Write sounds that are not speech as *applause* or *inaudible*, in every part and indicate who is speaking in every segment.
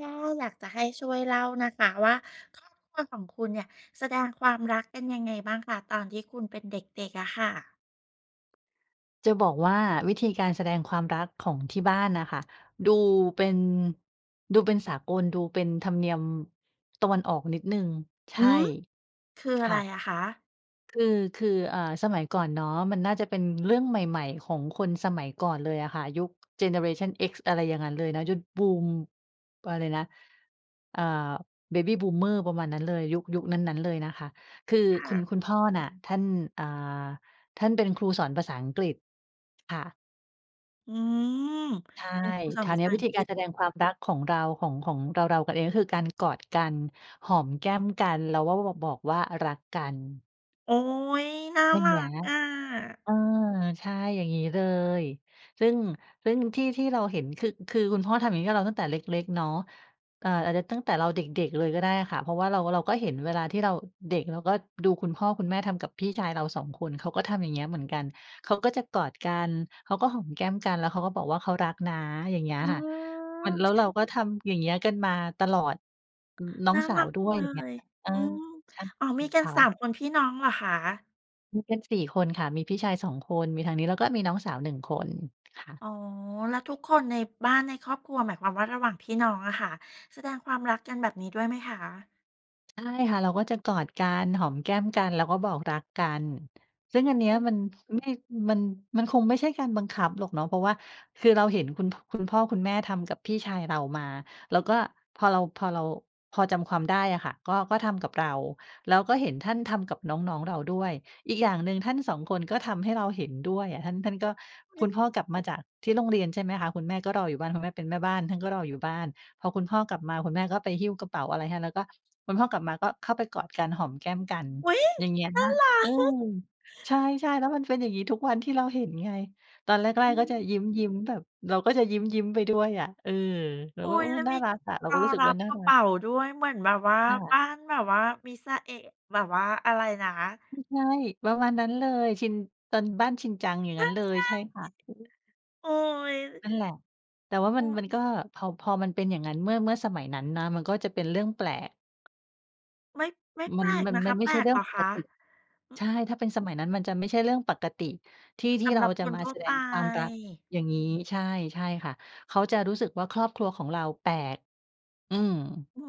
Speaker 1: ก็อยากจะให้ช่วยเล่านะคะว่า ครอบครัวของคุณเนี่ยแสดงความรักเป็นยังไงบ้างคะ ตอนที่คุณเป็นเด็ก ๆ อะค่ะ?
Speaker 2: จะบอกว่า วิธีการแสดงความรักของที่บ้านน่ะค่ะ ดูเป็น ดูเป็นสากล ดูเป็นธรรมเนียม ตะวันออกนิดหนึ่ง ใช
Speaker 1: หื
Speaker 2: ่
Speaker 1: อ คืออ
Speaker 2: ค
Speaker 1: ะไ
Speaker 2: ่
Speaker 1: ร
Speaker 2: ะ
Speaker 1: อะคะ?
Speaker 2: คือ คือ อ่า สมัยก่อนเนาะ มันน่าจะเป็นเรื่องใหม่ ๆ ของคนสมัยก่อนเลยอะค่ะ ยุคเจเนอเรชันเอ็กซ์ อะไรอย่างงั้นเลยนะ ยุคบูม อะไรนะ อ่า Baby Boomer ประมาณนั้นเลย ยุค ยุคนั้น ๆ เลยนะคะ คือ
Speaker 1: ค่
Speaker 2: คุ
Speaker 1: ะ
Speaker 2: ณ คุณพ่อน่ะ ท่าน อ่า ท่านเป็นครูสอนภาษาอังกฤษ ค่ะ
Speaker 1: อืม
Speaker 2: ใช่
Speaker 1: เป็นครูสอ
Speaker 2: ค
Speaker 1: น
Speaker 2: รา
Speaker 1: ภ
Speaker 2: ว
Speaker 1: า
Speaker 2: เนี้
Speaker 1: ษา
Speaker 2: ยว
Speaker 1: อ
Speaker 2: ิ
Speaker 1: ั
Speaker 2: ธ
Speaker 1: ง
Speaker 2: ี
Speaker 1: ก
Speaker 2: ก
Speaker 1: ฤ
Speaker 2: า
Speaker 1: ษ
Speaker 2: รแสดงความรักของเรา ของ ของเรา ๆ กันเอง ก็คือการกอดกัน หอมแก้มกัน เราก็บอก บอกว่ารักกัน
Speaker 1: โอ๊ย น่า
Speaker 2: อย่า
Speaker 1: ร
Speaker 2: งเงี
Speaker 1: ั
Speaker 2: ้ย
Speaker 1: กอะ
Speaker 2: เออ ใช่ อย่างงี้เลย ซึ่ง ซึ่งที่ ที่เราเห็นคือ คือคุณพ่อทำอย่างงี้ให้เราตั้งแต่เล็ก ๆ เนาะ เอ่อ อาจจะตั้งแต่เราเด็ก ๆ เลยก็ได้ค่ะ เพราะว่าเรา เราก็เห็นเวลาที่เราเด็ก เราก็ดูคุณพ่อคุณแม่ทำกับพี่ชายเรา 2 คน เขาก็ทำอย่างเงี้ยเหมือนกัน เขาก็จะกอดกัน เขาก็หอมแก้มกัน แล้วเขาก็บอกว่า "เขารักนะ" อย่างเงี้ย
Speaker 1: อื
Speaker 2: ค่ะ มัน แล้ว
Speaker 1: ม
Speaker 2: เราก็ทำอย่างเงี้ยกันมาตลอด อือ น้อ
Speaker 1: น
Speaker 2: ง
Speaker 1: ่า
Speaker 2: สา
Speaker 1: รั
Speaker 2: ว
Speaker 1: ก
Speaker 2: ด
Speaker 1: จ
Speaker 2: ้
Speaker 1: ั
Speaker 2: ว
Speaker 1: ง
Speaker 2: ย อย่างเงี
Speaker 1: เ
Speaker 2: ้
Speaker 1: ล
Speaker 2: ย
Speaker 1: ย
Speaker 2: เออ
Speaker 1: อืม
Speaker 2: ใช่
Speaker 1: อ๋อ มีกั
Speaker 2: ค
Speaker 1: น
Speaker 2: ่
Speaker 1: สา
Speaker 2: ะ
Speaker 1: ม คนพี่น้องเหรอคะ?
Speaker 2: มีกัน 4 คนค่ะ มีพี่ชายสองคน มีทางนี้ แล้วก็มีน้องสาว 1 คนค่ะ
Speaker 1: อ๋อ แล้วทุกคนในบ้าน ในครอบครัว หมายความว่า ระหว่างพี่น้องอะค่ะ แสดงความรักกันแบบนี้ด้วยไหมคะ?
Speaker 2: ใช่ค่ะ เราก็จะกอดกัน หอมแก้มกัน แล้วก็บอกรักกัน ซึ่งอันเนี้
Speaker 1: เ
Speaker 2: ย
Speaker 1: ออ
Speaker 2: มัน ไม่ มัน มันคงไม่ใช่การบังคับหรอกเนาะ เพราะว่า คือเราเห็นคุณ พ คุณพ่อ คุณแม่ทำกับพี่ชายเรามา เราก็ พอเรา พอเรา พอจำความได้อะค่ะ ก็ ก็ทำกับเรา แล้วก็เห็นท่านทำกับน้อง ๆ เราด้วย อีกอย่างหนึ่งท่าน 2 คนก็ทำให้เราเห็นด้วยอะ ท่าน ท่านก็
Speaker 1: ฮ
Speaker 2: ค
Speaker 1: ึ
Speaker 2: ุณพ่อกลับมาจากที่โรงเรียน ใช่ไหมคะ คุณแม่ก็รออยู่บ้าน คุณแม่เป็นแม่บ้านท่านก็รออยู่บ้าน พอคุณพ่อกลับมา คุณแม่ก็ไปหิ้วกระเป๋าอะไรให้ แล้วก็ คุณพ่อกลับมาก็เข้าไปกอดกัน หอมแก้มกัน
Speaker 1: อุ๊ย!
Speaker 2: อย่างเงี้ย
Speaker 1: น่า รั
Speaker 2: เออ
Speaker 1: ก
Speaker 2: ใช่ ๆ แล้วมันเป็นอย่างงี้ทุกวันที่เราเห็นไง ตอนแรก
Speaker 1: อื
Speaker 2: ๆ ก็จะ
Speaker 1: ม
Speaker 2: ยิ้ม ๆ แบบเราก็จะยิ้ม ๆ ไปด้วยอะ เออ เรา
Speaker 1: อุ๊
Speaker 2: ก็ โ
Speaker 1: ย
Speaker 2: อ้
Speaker 1: แล้ว
Speaker 2: น่
Speaker 1: ม
Speaker 2: า
Speaker 1: ี
Speaker 2: รักอะ เรา
Speaker 1: ร
Speaker 2: ก
Speaker 1: อ
Speaker 2: ็รู้สึก
Speaker 1: รั
Speaker 2: ว่
Speaker 1: บ
Speaker 2: าน่
Speaker 1: ก
Speaker 2: า
Speaker 1: ระ
Speaker 2: รั
Speaker 1: เป
Speaker 2: ก
Speaker 1: ๋าด้วย เหมือนแบบว่า
Speaker 2: ค่ะ
Speaker 1: บ้านแบบว่ามิซาเอะ แบบว่าอะไรนะ?
Speaker 2: อือ ใช่ ประมาณนั้นเลย ชิน ตอนบ้านชินจัง อย่าง
Speaker 1: ใช
Speaker 2: งั
Speaker 1: ่
Speaker 2: ้นเลย ใช่ค่ะ อือฮึ
Speaker 1: ๆ โอ๊ย
Speaker 2: นั่นแหละ แต่ว่าม
Speaker 1: เอ
Speaker 2: ัน
Speaker 1: อ
Speaker 2: มั
Speaker 1: อ
Speaker 2: น
Speaker 1: ื
Speaker 2: ก
Speaker 1: ม
Speaker 2: ็ พอ พอมันเป็นอย่างนั้นเมื่อ เมื่อสมัยนั้นนะ มันก็จะเป็นเรื่องแปลก
Speaker 1: ไม่ ไม่แ
Speaker 2: ม
Speaker 1: ป
Speaker 2: ั
Speaker 1: ล
Speaker 2: น
Speaker 1: ก
Speaker 2: มัน
Speaker 1: นะค
Speaker 2: มั
Speaker 1: ะ
Speaker 2: นไม
Speaker 1: แ
Speaker 2: ่
Speaker 1: ป
Speaker 2: ใ
Speaker 1: ล
Speaker 2: ช่เ
Speaker 1: ก
Speaker 2: รื่
Speaker 1: เ
Speaker 2: อ
Speaker 1: หร
Speaker 2: ง
Speaker 1: อ
Speaker 2: ป
Speaker 1: ค
Speaker 2: ก
Speaker 1: ะ?
Speaker 2: ติ
Speaker 1: อื
Speaker 2: ใช
Speaker 1: อ
Speaker 2: ่ ถ้าเป็นสมัยนั้นมันจะไม่ใช่เรื่องปกติ ที่ ท
Speaker 1: ส
Speaker 2: ี่
Speaker 1: ำ
Speaker 2: เร
Speaker 1: หร
Speaker 2: า
Speaker 1: ับ
Speaker 2: จ
Speaker 1: ค
Speaker 2: ะ
Speaker 1: น
Speaker 2: มา
Speaker 1: ทั่
Speaker 2: แ
Speaker 1: ว
Speaker 2: สด
Speaker 1: ไป
Speaker 2: งความรักอย่างงี้ ใช่ ใช่ค่ะ เขาจะรู้สึกว่า ครอบครัวของเราแปลก อือ
Speaker 1: อื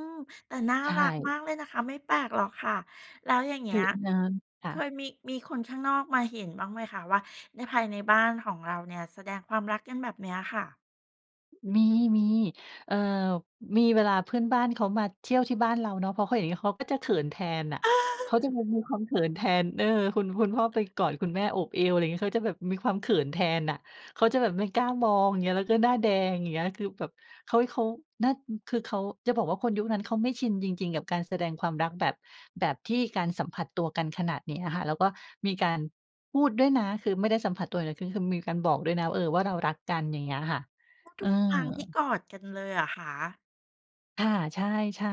Speaker 1: ม แต่น่า
Speaker 2: ใช
Speaker 1: รัก
Speaker 2: ่
Speaker 1: มากเลยนะคะ ไม่แปลกหรอกค่ะ แล้วอย่างเง
Speaker 2: ค
Speaker 1: ี้
Speaker 2: ือ
Speaker 1: ย
Speaker 2: น้ำ ค
Speaker 1: เ
Speaker 2: ่
Speaker 1: ค
Speaker 2: ะ
Speaker 1: ยมี มีคนข้างนอกมาเห็นบ้างไหมคะ? ว่า ใน ภายในบ้านของเราเนี่ยแสดงความรักกันแบบเนี้ยค่ะ
Speaker 2: มี ๆ เอ่อ มี เวลาเพื่อนบ้านเขามาเที่ยวที่บ้านเราเนาะ พอเขาเห็นงี้เขาก็จะเขินแทนน่ะ เขาจะมี
Speaker 1: *chuckles*
Speaker 2: มีความเขินแทน เออ คุณ คุณพ่อไปกอดคุณแม่ โอบเอว อะไรงี้ เขาจะแบบมีความเขินแทนน่ะ เขาจะแบบไม่กล้ามอง เงี้ย แล้วก็หน้าแดง อย่างเงี้ย แล้วคือแบบ เค้ย เขานั่น อืม คือเขา จะบอกว่า คนยุคนั้นเขาไม่ชินจริง ๆ กับการแสดงความรักแบบ แบบที่การสัมผัสตัวกันขนาดเนี้ยค่ะ แล้วก็มีการพูดด้วยนะ คือไม่ได้สัมผัสตัวอย่างเดียว คือ คือมีการบอกด้วยนะว่า เออ ว่าเรารักกัน อย่างเงี้ยค่ะ
Speaker 1: ก็
Speaker 2: เ
Speaker 1: ท
Speaker 2: ออ
Speaker 1: ุกครั้งที่กอดกันเลยเหรอคะ?
Speaker 2: ค่ะ ใช่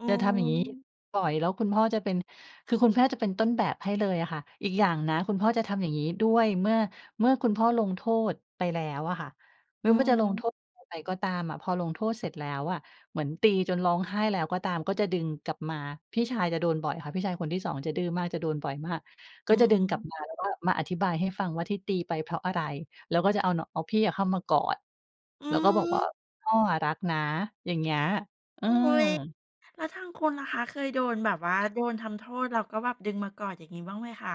Speaker 1: อื
Speaker 2: จะทำอย่างงี้
Speaker 1: ม
Speaker 2: บ่อย แล้วคุณพ่อจะเป็น คือคุณพ่อ จะเป็นต้นแบบให้เลยอะค่ะ อีกอย่างนะคุณพ่อจะทำอย่างงี้ด้วย เมื่อ เมื่อคุณพ่อลงโทษไปแล้วอะค่ะ หรื
Speaker 1: อื
Speaker 2: อม
Speaker 1: อ
Speaker 2: ่า จะลง
Speaker 1: ฮึ
Speaker 2: โทษอะไรไปก็ตามอะ พอลงโทษเสร็จแล้วอะ เหมือนตีจนร้องไห้แล้วก็ตาม ก็จะดึงกลับมา พี่ชายจะโดนบ่อยค่ะ พี่ชายคนที่ 2 จะดื้อมาก จะโดนบ่อยมาก ก
Speaker 1: อ
Speaker 2: ็
Speaker 1: ื
Speaker 2: จ
Speaker 1: อ
Speaker 2: ะ
Speaker 1: ฮ
Speaker 2: ดึงกลั
Speaker 1: ึ
Speaker 2: บมาแล้วก็มาอธิบายให้ฟังว่า ที่ตีไปเพราะอะไร? แล้วก็จะเอาเน่าะ เอาพี่อะเข้ามากอด
Speaker 1: อื
Speaker 2: แล้วก็บอกว่า
Speaker 1: ม
Speaker 2: "พ่ออะรักนะ" อย่างเงี้ย เออ
Speaker 1: อุ๊ย แล้วทางคุณล่ะคะ เคยโดนแบบว่า
Speaker 2: ค่ะ
Speaker 1: โดนทำโทษแล้วก็แบบดึงมากอดอย่างงี้ บ้างไหมคะ?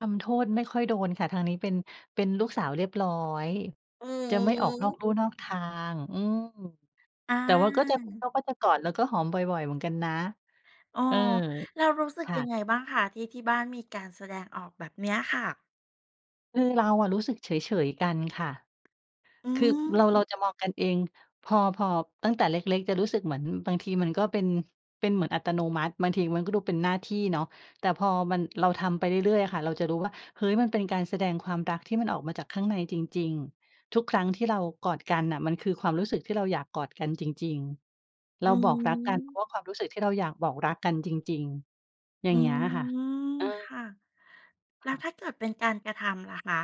Speaker 2: ทำโทษไม่ค่อยโดนค่ะ ทางนี้เป็น เป็นลูกสาวเรียบร้อย
Speaker 1: อือ
Speaker 2: จะไม่
Speaker 1: ฮ
Speaker 2: ออกนอก
Speaker 1: ึ
Speaker 2: ลู่นอกทาง อืม
Speaker 1: อ
Speaker 2: แต่ว่าก็จะ เข
Speaker 1: า
Speaker 2: าก็จะกอดแล้วก็หอมบ่อย ๆ เหมือนกันนะ
Speaker 1: อ๋อ
Speaker 2: เออ
Speaker 1: แล้วรู้สึก
Speaker 2: ค่
Speaker 1: ยั
Speaker 2: ะ
Speaker 1: งไงบ้างคะ ที่ที่บ้านมีการแสดงออกแบบเนี้ยค่ะ?
Speaker 2: คือเราอะรู้สึกเฉย ๆ กันค่ะ
Speaker 1: อื
Speaker 2: คือ
Speaker 1: ม
Speaker 2: เรา เราจะมองกันเอง พอ พอ ตั้งแต่เล็ก ๆ จะรู้สึกเหมือนบางทีมันก็เป็น เป็นเหมือนอัตโนมัติ บางทีมันก็ดูเป็นหน้าที่เนาะ แต่พอมัน เราทำไปเรื่อย ๆ อะค่ะ เราจะรู้ว่า เฮ้ย มันเป็นการแสดงความรักที่มันออกมาจากข้างในจริง ๆ ทุกครั้งที่เรากอดกันน่ะ มันคือความรู้สึกที่เราอยากกอดกันจริง ๆ เ
Speaker 1: อ
Speaker 2: ร
Speaker 1: ื
Speaker 2: าบอกรักกัน เพรา
Speaker 1: ม
Speaker 2: ะว่าความรู้สึกที่เราอยากบอกรักกันจริง ๆ อย่
Speaker 1: อ
Speaker 2: า
Speaker 1: ื
Speaker 2: งเงี้ยอะค่ะ
Speaker 1: ม
Speaker 2: เอ
Speaker 1: ค
Speaker 2: อ
Speaker 1: ่ะ แล้ว
Speaker 2: ค่ะ
Speaker 1: ถ้าเกิดเป็นการกระทำล่ะคะ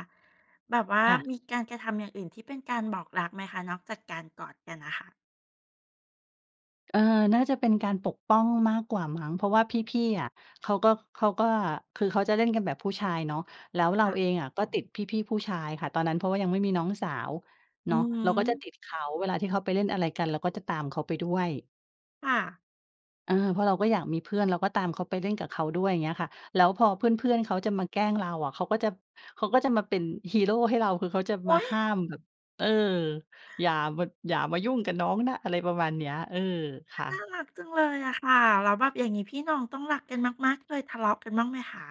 Speaker 1: แบบว่า
Speaker 2: ค่ะ
Speaker 1: มีการกระทำอย่างอื่นที่เป็นการบอกรักไหมคะ นอกจากการกอดกันน่ะค่ะ?
Speaker 2: เออ น่าจะเป็นการปกป้องมากกว่ามั้ง เพราะว่าพี่ ๆ อะ เขาก็ เขาก็ คือเขาจะเล่นกันแบบผู้ชายเนาะ แล้วเรา
Speaker 1: ค่ะ
Speaker 2: เองอะก็ติดพี่ ๆ ผู้ชายค่ะตอนนั้น เพราะว่ายังไม่มีน้องสาว
Speaker 1: อ
Speaker 2: เ
Speaker 1: ื
Speaker 2: นาะ
Speaker 1: อฮึ
Speaker 2: เราก็จะติดเขาเวลาที่เขาไปเล่นอะไรกันเราก็จะตามเขาไปด้วย
Speaker 1: ค่ะ
Speaker 2: เออ เพราะเราก็อยากมีเพื่อน เราก็ตามเขา ไปเล่นกับเขาด้วย อย่างเงี้ยค่ะ แล้วพอเพื่อน ๆ เขาจะมาแกล้งเราอะ เขาก็จะ เขาก็จะมาเป็นฮีโรให้เรา คือเขาจะ
Speaker 1: อ
Speaker 2: มา
Speaker 1: ุ๊ย!
Speaker 2: ห้ามแบบ เออ อย่า ม่ะ อย่ามายุ่งกับน้องนะ อะไรประมาณเนี้ย เออ ค
Speaker 1: อา
Speaker 2: ่
Speaker 1: น่า
Speaker 2: ะ
Speaker 1: รักจังเลยอะค่ะ แล้วแบบอย่างงี้พี่น้องต้องรักกันมาก ๆ เคยทะเลาะกันบ้างไหมคะ?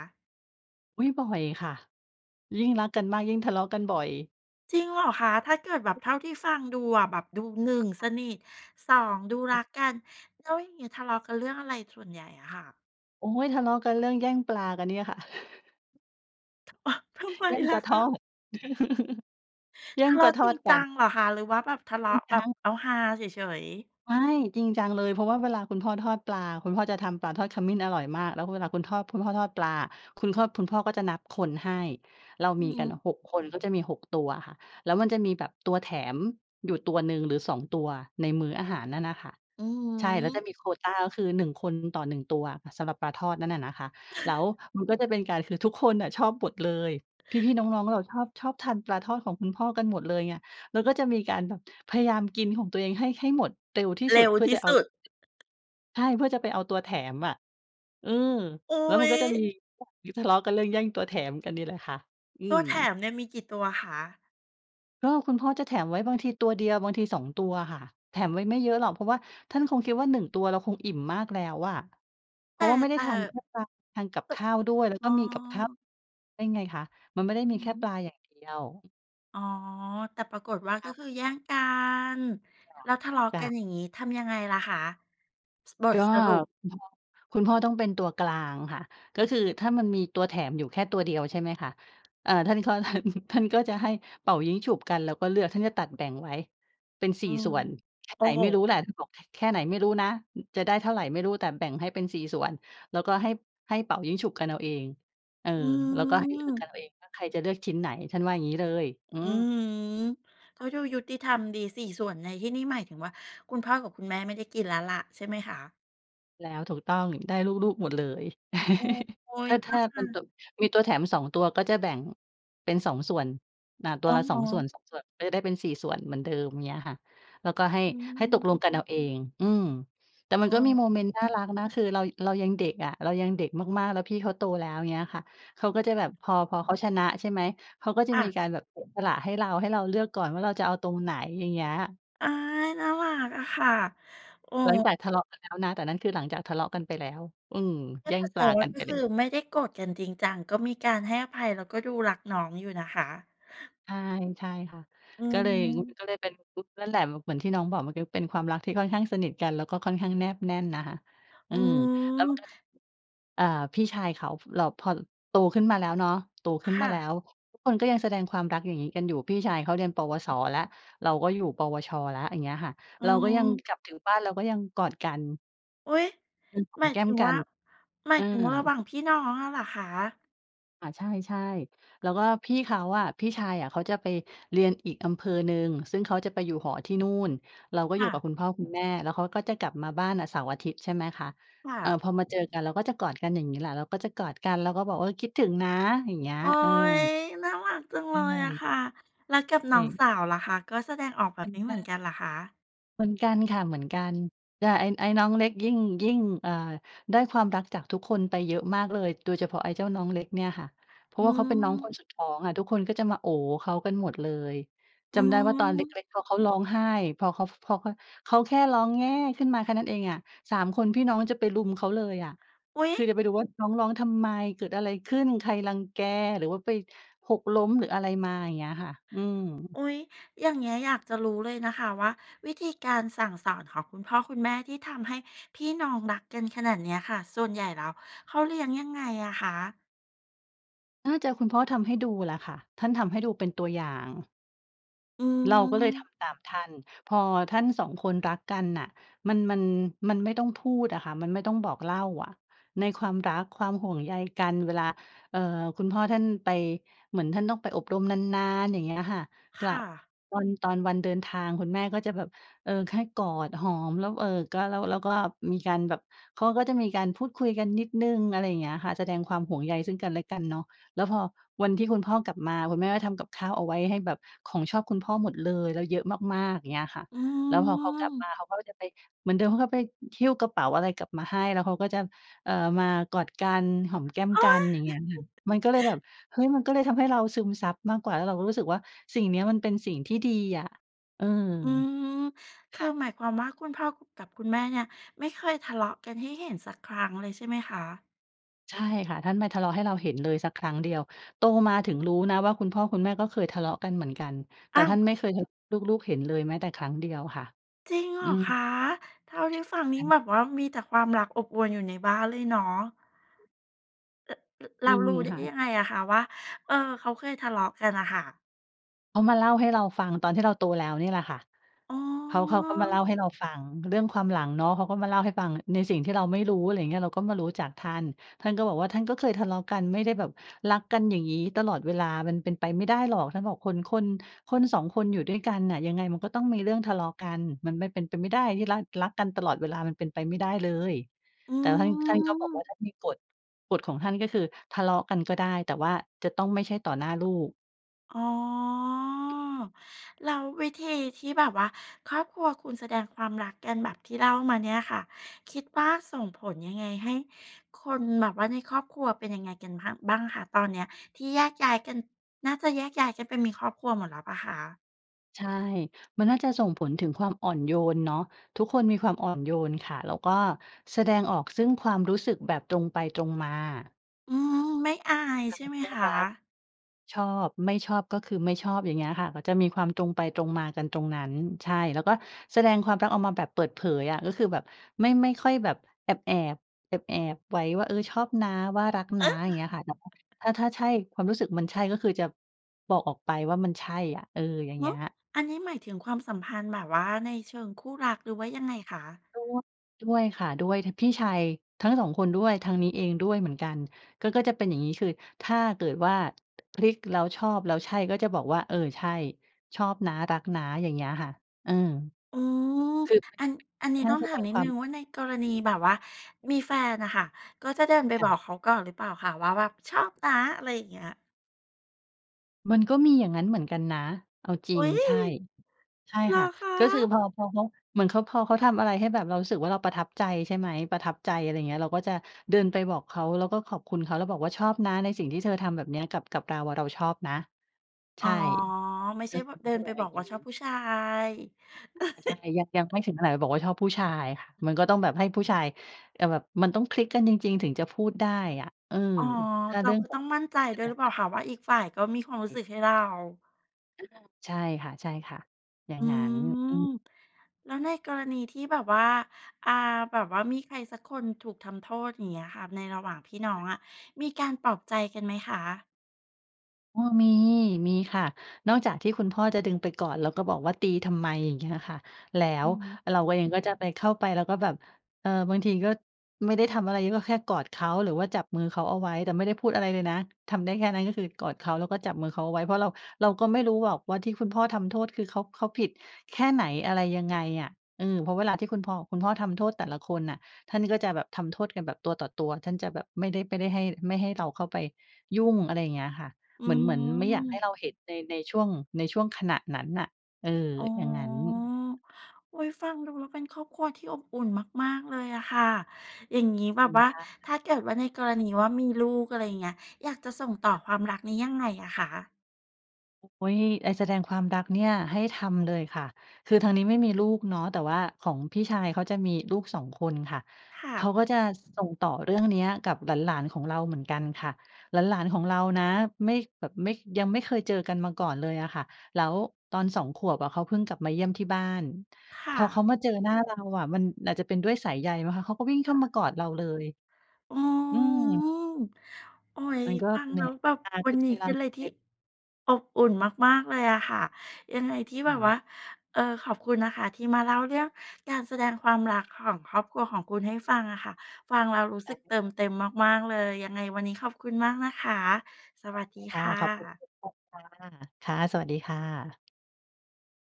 Speaker 2: อุ๊ย บ่อยค่ะ ยิ่งรักกันมากยิ่งทะเลาะกันบ่อย
Speaker 1: จริงเหรอคะ? ถ้าเกิดแบบเท่าที่ฟังดูอะแบบดู 1 สนิท 2 ดู
Speaker 2: ใช
Speaker 1: ร
Speaker 2: ่
Speaker 1: ักกัน แล้วอย่างเงี้ยทะเลาะกันเรื่องอะไร? ส่วนใหญ่อะค่ะ
Speaker 2: โอ๊ย ทะเลาะกันเรื่องแย่งปลากันเนี่ยค่ะ *chuckles*
Speaker 1: ถ อะ ทำไม
Speaker 2: แย่งป
Speaker 1: ล่
Speaker 2: ล
Speaker 1: ะ
Speaker 2: าท
Speaker 1: คะ?
Speaker 2: อด *chuckles* แย่
Speaker 1: ท
Speaker 2: ง
Speaker 1: ะเล
Speaker 2: ปล
Speaker 1: า
Speaker 2: า
Speaker 1: ะ
Speaker 2: ท
Speaker 1: จ
Speaker 2: อ
Speaker 1: ริ
Speaker 2: ด
Speaker 1: ง
Speaker 2: ก
Speaker 1: จั
Speaker 2: ัน
Speaker 1: งเหรอคะ? หรือว่าแบบทะเล
Speaker 2: จร
Speaker 1: า
Speaker 2: ิ
Speaker 1: ะ
Speaker 2: ง
Speaker 1: แ
Speaker 2: จ
Speaker 1: บ
Speaker 2: ั
Speaker 1: บ
Speaker 2: ง
Speaker 1: เอาฮาเฉย ๆ
Speaker 2: ไม่ จริงจังเลย เพราะว่าเวลาคุณพ่อทอดปลา คุณพ่อจะทำปลาทอดขมิ้นอร่อยมาก แล้วเวลาคุณทอด คุณพ่อทอดปลาอะ คุณคอบ คุณพ่อก็จะนับคนให้ เรา
Speaker 1: อื
Speaker 2: ม
Speaker 1: อ
Speaker 2: ี
Speaker 1: ฮ
Speaker 2: ก
Speaker 1: ึ
Speaker 2: ัน 6 คน ก็จะมี 6 ตัวค่ะ แล้วมันจะมีแบบตัวแถมอยู่ตัวหนึ่งหรือ 2 ตัวในมื้ออาหารนั่นน่ะค่ะ
Speaker 1: อือฮ
Speaker 2: ใช่ แล้วจะ
Speaker 1: ึ
Speaker 2: มีโควตาก็คือ 1 คนต่อ 1 ตัวอะ อะ สำหรับปลาทอดนั่นน่ะนะคะ แล้ว
Speaker 1: *chuckles*
Speaker 2: มันก็จะเป็นการ คือทุกคนน่ะชอบหมดเลย พี่ ๆ น้อง ๆ เราชอบ ชอบทานปลาทอดของคุณพ่อกันหมดเลยไง แล้วก็จะมีการแบบพยายามกินของตัวเองให้ ให้หมดเร็วที่
Speaker 1: เ
Speaker 2: ส
Speaker 1: ร
Speaker 2: ุด
Speaker 1: ็ว
Speaker 2: เพื่อ
Speaker 1: ที
Speaker 2: จ
Speaker 1: ่
Speaker 2: ะเอ
Speaker 1: ส
Speaker 2: า
Speaker 1: ุด
Speaker 2: ใช่ เพื่อจะไปเอาตัวแถมอะ เออ
Speaker 1: อุ๊
Speaker 2: แล้วมัน
Speaker 1: ย!
Speaker 2: ก็จะมีพวกอยู่ทะเลาะกันเรื่องแย่งตัวแถมกันนี่แหละค่ะ อื
Speaker 1: ตั
Speaker 2: ม
Speaker 1: วแถมเนี่ยมีกี่ตัวคะ?
Speaker 2: ก็คุณพ่อจะแถมไว้บางทีตัวเดียว บางทีสองตัวค่ะ แถมไว้ไม่เยอะหรอก เพราะว่าท่านคงคิดว่า หนึ่งตัวเราคงอิ่มมากแล้วอะ เพ
Speaker 1: แต
Speaker 2: รา
Speaker 1: ่
Speaker 2: ะว่าไม่ไ
Speaker 1: แ
Speaker 2: ด
Speaker 1: ต
Speaker 2: ้
Speaker 1: ่
Speaker 2: ทานแค่ปลา ทานกับ
Speaker 1: ต
Speaker 2: ข
Speaker 1: ก
Speaker 2: ้าวด้วย แล้ว
Speaker 1: อ
Speaker 2: ก
Speaker 1: ๋
Speaker 2: ็มีกับข้าว
Speaker 1: อ
Speaker 2: ด้วยไงคะ มันไม่ได้
Speaker 1: อื
Speaker 2: มี
Speaker 1: อ
Speaker 2: แ
Speaker 1: ฮ
Speaker 2: ค่ปล
Speaker 1: ึ
Speaker 2: าอย่างเดียว
Speaker 1: อ๋อ แต่ปรากฏว่า
Speaker 2: ใช
Speaker 1: ก็คือแย
Speaker 2: ่
Speaker 1: ่งกัน
Speaker 2: ค่ะ
Speaker 1: แล้วทะเลาะ
Speaker 2: จ
Speaker 1: ก
Speaker 2: ้
Speaker 1: ัน
Speaker 2: ะ
Speaker 1: อย่างงี้ทำยังไงล่ะคะ? ส บ
Speaker 2: ก
Speaker 1: ท
Speaker 2: ็
Speaker 1: สรุป
Speaker 2: คุณพ่อ คุณพ่อต้องเป็นตัวกลางค่ะ ก็คือถ้ามันมีตัวแถมอยู่แค่ตัวเดียว ใช่ไหมคะ เอ่อ ท่านก็ ท่าน ท่านก็จะให้เป่ายิ้งฉุบกัน แล้วก็เลือก ท่านจะตัดแบ่งไว้เป็นสี
Speaker 1: อื
Speaker 2: ่ส
Speaker 1: ม
Speaker 2: ่วน แค่
Speaker 1: โอ
Speaker 2: ไ
Speaker 1: ้
Speaker 2: หน
Speaker 1: โ
Speaker 2: ไม่รู้
Speaker 1: ฮ
Speaker 2: แหละ บอกให้แค่ไหนไม่รู้นะ จะได้เท่าไรไม่รู้ แต่แบ่งให้เป็นสี่ส่วน แล้วก็ให้ ให้เป่ายิ้งฉุบกันเอาเอง เออ
Speaker 1: อื
Speaker 2: แล้วก็ให้เลือกกั
Speaker 1: ม
Speaker 2: นเอาเองว่า ใครจะเลือกชิ้นไหน ท่านว่าอย่างงี้เลย อื
Speaker 1: อ
Speaker 2: ม
Speaker 1: ือฮึ ก
Speaker 2: ค
Speaker 1: ็
Speaker 2: ่ะ
Speaker 1: ดูยุติธรรมดี 4 ส่วนในที่นี้หมายถึงว่า คุณพ่อกับคุณแม่ไม่ได้กินแล้วแหละ ใช่ไหมคะ?
Speaker 2: แล้วถูกต้อง ได้ลูก ๆ หมดเลย
Speaker 1: โอ๊
Speaker 2: *laughs* ถ
Speaker 1: ย
Speaker 2: ้า
Speaker 1: น
Speaker 2: ถ
Speaker 1: ่า
Speaker 2: ้า
Speaker 1: ร
Speaker 2: เป
Speaker 1: ั
Speaker 2: ็น
Speaker 1: ก
Speaker 2: ตัว มีตัวแถม 2 ตัว ก็จะแบ่งเป็น 2 ส่วน อ่า ตั
Speaker 1: อ
Speaker 2: ว
Speaker 1: ะ
Speaker 2: ละ ส
Speaker 1: ฮ
Speaker 2: อง ส่ว
Speaker 1: ะ
Speaker 2: น 2 ส่วน ก็จะได้เป็น 4 ส่วนเหมือนเดิมเงี้ยค่ะ แล้วก็ให้
Speaker 1: อื
Speaker 2: ให้ต
Speaker 1: ม
Speaker 2: กลงกันเอาเอง อืม แต่มั
Speaker 1: อ
Speaker 2: น
Speaker 1: ๋
Speaker 2: ก็มีโมเมนต
Speaker 1: อ
Speaker 2: ์น่ารักนะ คือเรา เรายังเด็กอะ เรายังเด็กมาก ๆ แล้วพี่เขาโตแล้วเงี้ยค่ะ เขาก็จะแบบพอ พอเขาชนะ ใช่ไหม เขาก็จะ
Speaker 1: ค่
Speaker 2: มี
Speaker 1: ะ
Speaker 2: การแบบเสียสละให้เรา ให้เราเลือกก่อนว่า เราจะเอาตรงไหน อย่างเงี้ย
Speaker 1: ว้าย น่ารักอะค่ะ โอ
Speaker 2: หลัง
Speaker 1: ้
Speaker 2: จากทะเลาะกันแล้วนะ แต่นั้นคือหลังจากทะเลาะกันไปแล้ว อืม แย่
Speaker 1: ก็
Speaker 2: ง
Speaker 1: แส
Speaker 2: ป
Speaker 1: ด
Speaker 2: ลา
Speaker 1: งว่
Speaker 2: ก
Speaker 1: า
Speaker 2: ัน
Speaker 1: ก
Speaker 2: ไ
Speaker 1: ็
Speaker 2: ป
Speaker 1: ค
Speaker 2: แล้
Speaker 1: ือ
Speaker 2: ว
Speaker 1: ไม่ได้โกรธกันจริงจัง ก็มีการให้อภัย แล้วก็ดูรักน้องอยู่นะคะ
Speaker 2: ใช่ ใช่ค่ะ
Speaker 1: อื
Speaker 2: ก็เลย อย่างงี้
Speaker 1: ม
Speaker 2: ก็เลยเป็น *unintelligible* นั่นแหละ เหมือนที่น้องบอกเมื่อกี้ เป็นความรักที่ค่อนข้างสนิทกัน แล้วก็ค่อนข้างแนบแน่นน่ะค่ะ
Speaker 1: อ
Speaker 2: อ
Speaker 1: ื
Speaker 2: ืม แล้วมันก็จะ
Speaker 1: ม
Speaker 2: เอ่อ พี่ชายเขา พ เหล่า พอ ล โตขึ้นมาแล้วเนาะ โตขึ้
Speaker 1: ค
Speaker 2: นม
Speaker 1: ่
Speaker 2: าแล้
Speaker 1: ะ
Speaker 2: ว ทุกคนก็ยังแสดงความรักอย่างงี้กันอยู่ พี่ชายเขาเรียน ปวส. แล้ว เราก็อยู่ ปวช. แล้วอย่างเงี้ยค่ะ
Speaker 1: อ้
Speaker 2: เราก็ยัง
Speaker 1: อ
Speaker 2: กลับถึงบ้านเราก็ยังกอดกัน
Speaker 1: อุ๊ย!
Speaker 2: เป็นหอ
Speaker 1: หม
Speaker 2: ม
Speaker 1: าย
Speaker 2: แก้
Speaker 1: ถึ
Speaker 2: ม
Speaker 1: ง
Speaker 2: ก
Speaker 1: ว
Speaker 2: ั
Speaker 1: ่า
Speaker 2: น
Speaker 1: หมา
Speaker 2: เอ
Speaker 1: ย
Speaker 2: อ
Speaker 1: ถึงว่าระหว่างพี่น้องอะเหรอคะ?
Speaker 2: อ่า ใช่ ๆ แล้วก็พี่เขาอะ พี่ชายอะเขาจะไปเรียนอีกอำเภอหนึ่ง ซึ่งเขาจะไปอยู่หอที่นู่น เราก็
Speaker 1: ค
Speaker 2: อยู
Speaker 1: ่
Speaker 2: ่กับ
Speaker 1: ะ
Speaker 2: คุณพ่อคุณแม่ แล้วเขาก็จะกลับมาบ้านน่ะเสาร์อาทิตย์ ใช่ไหมคะ
Speaker 1: ค่
Speaker 2: อ่า
Speaker 1: ะ
Speaker 2: พอมาเจอกันเราก็จะกอดกันอย่างนี้แหละ เราก็จะกอดกันแล้วก็บอก เฮ้ย คิดถึงนะ อย่างเงี้ย
Speaker 1: โอ๊
Speaker 2: เออ
Speaker 1: ย น่ารักจังเ
Speaker 2: อ
Speaker 1: ล
Speaker 2: ือ ไ
Speaker 1: ยอะ
Speaker 2: ง
Speaker 1: ค่ะ แล้วกับ
Speaker 2: เ
Speaker 1: น้อง
Speaker 2: ออ
Speaker 1: สาวล่ะคะ ก็แสดงออกแบ
Speaker 2: เหม
Speaker 1: บ
Speaker 2: ือ
Speaker 1: น
Speaker 2: น
Speaker 1: ี้เ
Speaker 2: ก
Speaker 1: หม
Speaker 2: ั
Speaker 1: ือน
Speaker 2: น
Speaker 1: กันเหรอคะ?
Speaker 2: เหมือนกันค่ะ เหมือนกัน จะ ไอ้ ไอ้น้องเล็กยิ่ง ยิ่ง อ่า ได้ความรักจากทุกคนไปเยอะมากเลย โดยเฉพาะไอ้เจ้าน้องเล็กเนี่ยค่ะ เพรา
Speaker 1: อื
Speaker 2: ะว่าเขาเป็นน้องค
Speaker 1: ม
Speaker 2: นสุดท้องอะ ทุกคนก็จะมาโอ๋เขากันหมดเลย
Speaker 1: อ
Speaker 2: จ
Speaker 1: ื
Speaker 2: ำได้ว่าตอนเล
Speaker 1: ม
Speaker 2: ็ก ๆ พอเขาร้องไห้ พอเขา พอเขา เขาแค่ร้อง "แง" ขึ้นมาแค่นั้นเองอะ 3 คนพี่น้องอะจะไปรุมเขาเลยอะ
Speaker 1: อุ๊ย!
Speaker 2: คือจะไปดูว่าน้องร้องทำไม? เกิดอะไรขึ้น? ใครรังแก? หรือว่าไปหกล้ม หรืออะไรมา? อย่างเงี้ยค่ะ อืม
Speaker 1: อุ๊ย อย่างเงี้ยอยากจะรู้เลยนะคะว่า วิธีการสั่งสอนของคุณพ่อคุณแม่ที่ทำให้พี่น้องรักกันขนาดเนี้ยค่ะ ส่วนใหญ่แล้วเขาเลี้ยงยังไงอะคะ?
Speaker 2: น่าจะคุณพ่อทำให้ดูล่ะค่ะ ท่านทำให้ดูเป็นตัวอย่าง
Speaker 1: อื
Speaker 2: เราก็เลยท
Speaker 1: ม
Speaker 2: ำตามท่าน พอท่าน 2 คนรักกันน่ะมัน มัน มันไม่ต้องพูดอะค่ะ มันไม่ต้องบอกเล่าอะในความรัก ความห่วงใยกัน เวลา เอ่อ คุณพ่อท่านไป เหมือนท่านต้องไปอบรมนาน ๆ อย่างเงี้ยค่ะ
Speaker 1: ค
Speaker 2: กลั
Speaker 1: ่
Speaker 2: บ
Speaker 1: ะ
Speaker 2: ตอน ตอนวันเดินทางคุณแม่ก็จะแบบ เออ แค่กอด หอม แล้ว เอ่อ ก็ แล้ว แล้วก็มีการแบบ เขาก็จะมีการพูดคุยกันนิดหนึ่ง อะไรอย่างเงี้ยค่ะ แสดงความห่วงใยซึ่งกันและกันเนาะ แล้วพอวันที่คุณพ่อกลับมา คุณแม่ให้ทำกับข้าวเอาไว้ให้แบบของชอบคุณพ่อหมดเลยแล้วเยอะมาก ๆ เงี้ยค่ะ
Speaker 1: อื
Speaker 2: แล้วพอเขากลับ
Speaker 1: ม
Speaker 2: มา เขาก็เลยจะไป เหมือนเดิม เขาก็เข้าไปหิ้วกระเป๋าอะไรกลับมาให้ แล้วเขาก็จะ เอ่อ มากอดกัน หอมแก้ม
Speaker 1: โอ
Speaker 2: ก
Speaker 1: ๊
Speaker 2: ัน
Speaker 1: ย!
Speaker 2: อย่างเงี้ยค่ะ
Speaker 1: *chuckles*
Speaker 2: มันก็เลยแบบ เฮ้ย มันก็เลยทำให้เราซึมซับมากกว่า แล้วเราก็รู้สึกว่า สิ่งเนี้ยมันเป็นสิ่งที่ดีอะ เออ
Speaker 1: อืม ค
Speaker 2: ค
Speaker 1: ือ
Speaker 2: ่ะ
Speaker 1: หมายความว่า คุณพ่อคุณกับคุณแม่เนี่ยไม่เคยทะเลาะกันให้เห็นสักครั้งเลยใช่ไหมคะ?
Speaker 2: ใช่ค่ะ ท่านไม่ทะเลาะให้เราเห็นเลยสักครั้งเดียว โตมาถึงรู้นะว่า คุณพ่อคุณแม่ก็เคยทะเลาะกันเหมือนกัน แต่
Speaker 1: อ้า
Speaker 2: ท
Speaker 1: ว!
Speaker 2: ่านไม่เคยทะเลาะให้ลูก ๆ เห็นเลยแม้แต่ครั้งเดียวค่ะ
Speaker 1: จริงเหร
Speaker 2: อื
Speaker 1: อ
Speaker 2: ม
Speaker 1: คะ? เท่าที่ฟังน
Speaker 2: ท
Speaker 1: ี่
Speaker 2: ำ
Speaker 1: แบบว่ามีแต่ความรักอบอวลอยู่ในบ้านเลยเนาะ ร ร เร
Speaker 2: น
Speaker 1: า
Speaker 2: ิน
Speaker 1: รู
Speaker 2: ไง
Speaker 1: ้ได้
Speaker 2: คะ
Speaker 1: ยังไงอะคะ? ว่า เออ เขาเคยทะเลาะกันน่ะค่ะ
Speaker 2: เขามาเล่าให้เราฟัง ตอนที่เราโตแล้วนี่แหละค่ะ
Speaker 1: อ๋
Speaker 2: เขา เขาก็มา
Speaker 1: อ
Speaker 2: เล่าให้เราฟังเรื่องความหลังเนาะ เขาก็มาเล่าให้ฟังในสิ่งที่เราไม่รู้ อะไรอย่างเงี้ย เราก็มารู้จากท่าน ท่านก็บอกว่า "ท่านก็เคยทะเลาะกัน ไม่ได้แบบรักกันอย่างงี้ตลอดเวลา มันเป็นไปไม่ได้หรอก" ท่านบอก "คน คน คน 2 คนอยู่ด้วยกันน่ะ ยังไงมันก็ต้องมีเรื่องทะเลาะกัน มันไม่ เป็นไปไม่ได้ที่รัก รักกันตลอดเวลา มันเป็นไปไม่ได้เลย"
Speaker 1: อื
Speaker 2: แต่ท่าน ท่านก็บอกว่
Speaker 1: อ
Speaker 2: า ท่านมีกฎ กฎของท่าน ก็คือ "ทะเลาะกันก็ได้ แต่ว่าจะต้องไม่ใช่ต่อหน้าลูก"
Speaker 1: อ๋อ แล้ววิธีที่แบบว่าครอบครัวคุณแสดงความรักกันแบบที่เล่ามาเนี่ยค่ะ คิดว่าส่งผลยังไง ให้คนแบบว่าในครอบครัวเป็นยังไงกันบะ- บ้างคะ? ตอนเนี้ยที่แยกย้ายกัน น่าจะแยกย้ายกันไปมีครอบครัวหมดแล้วเปล่าคะ?
Speaker 2: ใช่ มันน่าจะส่งผลถึงความอ่อนโยนเนาะ ทุกคนมีความอ่อนโยนค่ะ แล้วก็แสดงออกซึ่งความรู้สึกแบบตรงไปตรงมา
Speaker 1: อืม ไม่อาย
Speaker 2: รั
Speaker 1: ใช
Speaker 2: ก
Speaker 1: ่ไหม
Speaker 2: ก็
Speaker 1: คะ?
Speaker 2: รัก ชอบ ไม่ชอบก็คือไม่ชอบ อย่างเงี้ยค่ะ ก็จะมีความตรงไปตรงมากันตรงนั้น ใช่ แล้วก็แสดงความรักออกมาแบบเปิดเผยอะ ก็คือแบบไม่ ไม่ค่อยแบบแอบ ๆ แอบ ๆ ไว้ว่า เออ ชอบนะ ว่ารักน
Speaker 1: เอ
Speaker 2: ะ
Speaker 1: อ
Speaker 2: อย่างเงี้ยค
Speaker 1: *chuckles*
Speaker 2: ่ะ แบบว่าถ้า ถ้าใช่ ความรู้สึกมันใช่ ก็คือจะบอกออกไปว่า มันใช่อะ เออ อย่าง
Speaker 1: ห
Speaker 2: เง
Speaker 1: ื
Speaker 2: ี้
Speaker 1: อ
Speaker 2: ย
Speaker 1: อันนี้หมายถึงความสัมพันธ์แบบว่าในเชิงคู่รัก หรือว่ายังไงคะ?
Speaker 2: ตัว ด้วยค่ะ ด้วย ท พี่ชายทั้ง 2 คนด้วย ทางนี้เองด้วยเหมือนกัน ก็ ก็จะเป็นอย่างงี้ คือถ้าเกิดว่า คลิกแล้วชอบแล้วใช่ ก็จะบอกว่า เอ่อ ใช่ ชอบนะ รักนะ อย่างเงี้ยค่ะ อือ
Speaker 1: อือ
Speaker 2: คือ
Speaker 1: อัน อันนี้
Speaker 2: น่
Speaker 1: ต
Speaker 2: า
Speaker 1: ้อง
Speaker 2: จะ
Speaker 1: ถ
Speaker 2: เ
Speaker 1: า
Speaker 2: ป
Speaker 1: ม
Speaker 2: ็น
Speaker 1: นิด
Speaker 2: ควา
Speaker 1: หนึ
Speaker 2: ม
Speaker 1: ่งว่า ในกรณีแบบว่ามีแฟนอะค่ะ ก็จะเดินไป
Speaker 2: ค่
Speaker 1: บอ
Speaker 2: ะ
Speaker 1: กเขาก่อนหรือเปล่าคะว่าแบบ "ชอบนะ" อะไรอย่างเงี้ย?
Speaker 2: มันก็มีอย่างงั้นเหมือนกันนะ เอาจริ
Speaker 1: อุ๊
Speaker 2: ง
Speaker 1: ย!
Speaker 2: ใช่ ใช่
Speaker 1: เหร
Speaker 2: ค
Speaker 1: อ
Speaker 2: ่ะ
Speaker 1: คะ?
Speaker 2: ก็คือพอ พอเขา เหมือนเขา พอเขาทำอะไรให้แบบเรารู้สึกว่า เราประทับใจ ใช่ไหม ประทับใจ อะไรอย่างเงี้ย เราก็จะเดินไปบอกเขา แล้วก็ขอบคุณเขา แล้วบอกว่าชอบนะ ในสิ่งที่เธอทำแบบนี้กับ กับเราอะ เราชอบนะ
Speaker 1: อ
Speaker 2: ใ
Speaker 1: ๋
Speaker 2: ช
Speaker 1: อ
Speaker 2: ่
Speaker 1: ไม่ใ
Speaker 2: ก
Speaker 1: ช
Speaker 2: ็
Speaker 1: ่
Speaker 2: ค
Speaker 1: ว่า
Speaker 2: ือเ
Speaker 1: เ
Speaker 2: ข
Speaker 1: ดิ
Speaker 2: าจะ
Speaker 1: นไ
Speaker 2: บ
Speaker 1: ป
Speaker 2: อกไอ
Speaker 1: บอก
Speaker 2: ด
Speaker 1: ว
Speaker 2: ี
Speaker 1: ่า ชอบผู้ชาย
Speaker 2: อะ ใช่ ยัง ยังไม
Speaker 1: *chuckles*
Speaker 2: ่ถึงขนาดไปบอกว่าชอบผู้ชายค่ะ มันก็ต้องแบบให้ผู้ชาย อะ แบบมันต้องคลิกกันจริง ๆ ถึงจะพูดได้อะ เออ
Speaker 1: อ๋อ
Speaker 2: ถ้า
Speaker 1: เร
Speaker 2: เร
Speaker 1: า
Speaker 2: ื่อง
Speaker 1: ก็
Speaker 2: แบ
Speaker 1: ต้อ
Speaker 2: บ
Speaker 1: งมั่นใจ
Speaker 2: ให้
Speaker 1: ด้ว
Speaker 2: เห
Speaker 1: ย
Speaker 2: มื
Speaker 1: หร
Speaker 2: อ
Speaker 1: ื
Speaker 2: น
Speaker 1: อเปล
Speaker 2: แ
Speaker 1: ่
Speaker 2: บ
Speaker 1: า
Speaker 2: บ
Speaker 1: คะ
Speaker 2: พ
Speaker 1: ว่
Speaker 2: ัน
Speaker 1: า อีกฝ่ายก็มีความรู
Speaker 2: ใช
Speaker 1: ้
Speaker 2: ่
Speaker 1: สึกให้เรา?
Speaker 2: เออ ใช่ค่ะ ๆ อย่า
Speaker 1: อื
Speaker 2: งงั้น
Speaker 1: ม
Speaker 2: อืม
Speaker 1: แล้วในกรณีที่แบบว่า อ่า แบบว่ามีใครสักคนถูกทำโทษอย่างเงี้ยค่ะ ในระหว่างพี่น้อ
Speaker 2: ค่
Speaker 1: ง
Speaker 2: ะ
Speaker 1: อะมีการปลอบใจกันไหมคะ?
Speaker 2: อ้อ มี มีค่ะ นอกจากที่คุณพ่อจะดึงไปกอด แล้วก็บอกว่าตีทำไม อย่างเงี้ยน่ะค่ะ แล้
Speaker 1: อ
Speaker 2: ว
Speaker 1: ือฮึ
Speaker 2: เราเองก็จะไป เข้าไป แล้วก็แบบ เอ่อ บางทีก็ไม่ได้ทำอะไร นี่ก็แค่กอดเขา หรือว่าจับมือเขาเอาไว้ แต่ไม่ได้พูดอะไรเลยนะ ทำได้แค่นั้น ก็คือกอดเขาแล้วก็จับมือเขาเอาไว้ เพราะเรา เราก็ไม่รู้หรอกว่าที่คุณพ่อทำโทษ คือเขา เขาผิดแค่ไหน อะไรยังไงอะ เออ เพราะเวลาที่คุณพอ คุณพ่อทำโทษแต่ละคนน่ะ ท่านก็จะแบบทำโทษกันแบบตัวต่อตัว ท่านจะแบบไม่ได้ ไม่ได้ให้ ไม่ให้เราเข้าไปยุ่ง อะไรอย่างเงี้ยค่ะ
Speaker 1: อื
Speaker 2: เหมือน เหมือนไม่อยากให้
Speaker 1: ม
Speaker 2: เราเห็นใน ในช่วง ในช่วงขณะนั้นน่ะ เออ
Speaker 1: อ๋อ
Speaker 2: อย่างนั้น
Speaker 1: อุ๊ย! ฟังดูแล้วเป็นครอบครัวที่อบอุ่นมาก ๆ เลยอะค่ะ อย่างงี้แบ
Speaker 2: ขอบ
Speaker 1: บ
Speaker 2: คุ
Speaker 1: ว
Speaker 2: ณ
Speaker 1: ่า
Speaker 2: ค่
Speaker 1: ถ
Speaker 2: ะ
Speaker 1: ้าเกิดว่าในกรณีว่ามีลูก อะไรอย่างเงี้ย อยากจะส่งต่อ
Speaker 2: ค่ะ
Speaker 1: ความรักนี้ยังไงอะคะ?
Speaker 2: โอ๊ย ไอ้แสดงความรักเนี่ย ให้ทำเลยค่ะ คือทางนี้ไม่มีลูกเนาะ แต่ว่าของพี่ชายเขาจะมีลูก 2 คนค่ะ
Speaker 1: ค่
Speaker 2: เข
Speaker 1: ะ
Speaker 2: าก็จะส่งต่อเรื่องเนี้ย กับหลาน ๆ ของเราเหมือนกันค่ะ หลาน ๆ ของเรานะไม่ แบบไม่ ยังไม่เคยเจอกันมาก่อนเลยอะค่ะ แล้วตอน 2 ขวบอะ เขาเพิ่งกลับมาเยี่ยมที่บ้าน
Speaker 1: ค่
Speaker 2: พ
Speaker 1: ะ
Speaker 2: อเขามาเจอหน้าเราอะ มันอาจจะเป็นด้วยสายใยมั้งคะ เขาก็วิ่งเข
Speaker 1: ค
Speaker 2: ้า
Speaker 1: ่
Speaker 2: มา
Speaker 1: ะ
Speaker 2: กอดเราเลย
Speaker 1: อื
Speaker 2: อืม
Speaker 1: ม โอ๊ย
Speaker 2: มันก็
Speaker 1: ฟัง
Speaker 2: แห
Speaker 1: แ
Speaker 2: ม
Speaker 1: ล้วแบบวันนี้เป็นอะไรที่
Speaker 2: *unintelligible*
Speaker 1: อบอุ่น
Speaker 2: อืม
Speaker 1: มาก ๆ เลยอะค่ะ ยังไงที่ แ
Speaker 2: แบ
Speaker 1: บ
Speaker 2: บ
Speaker 1: บ
Speaker 2: ว
Speaker 1: ว
Speaker 2: ่
Speaker 1: ่
Speaker 2: า
Speaker 1: า เอ่อ ขอบคุณนะคะที่มาเล่าเรื่อง การแสดงความรักของครอบครัวของคุณให้ฟังอะค่ะ ฟังแล้วรู้
Speaker 2: อ
Speaker 1: สึ
Speaker 2: ะ
Speaker 1: ก
Speaker 2: ฮ
Speaker 1: เ
Speaker 2: ะ
Speaker 1: ติมเต็มมาก ๆ เลย ยังไงวันนี้ขอบคุณมากนะคะ สวัสดี
Speaker 2: ค่
Speaker 1: ค
Speaker 2: ะ
Speaker 1: ่
Speaker 2: ขอบคุณ
Speaker 1: ะ
Speaker 2: เช่นกันค่ะ ค่ะ สวัสดีค่ะ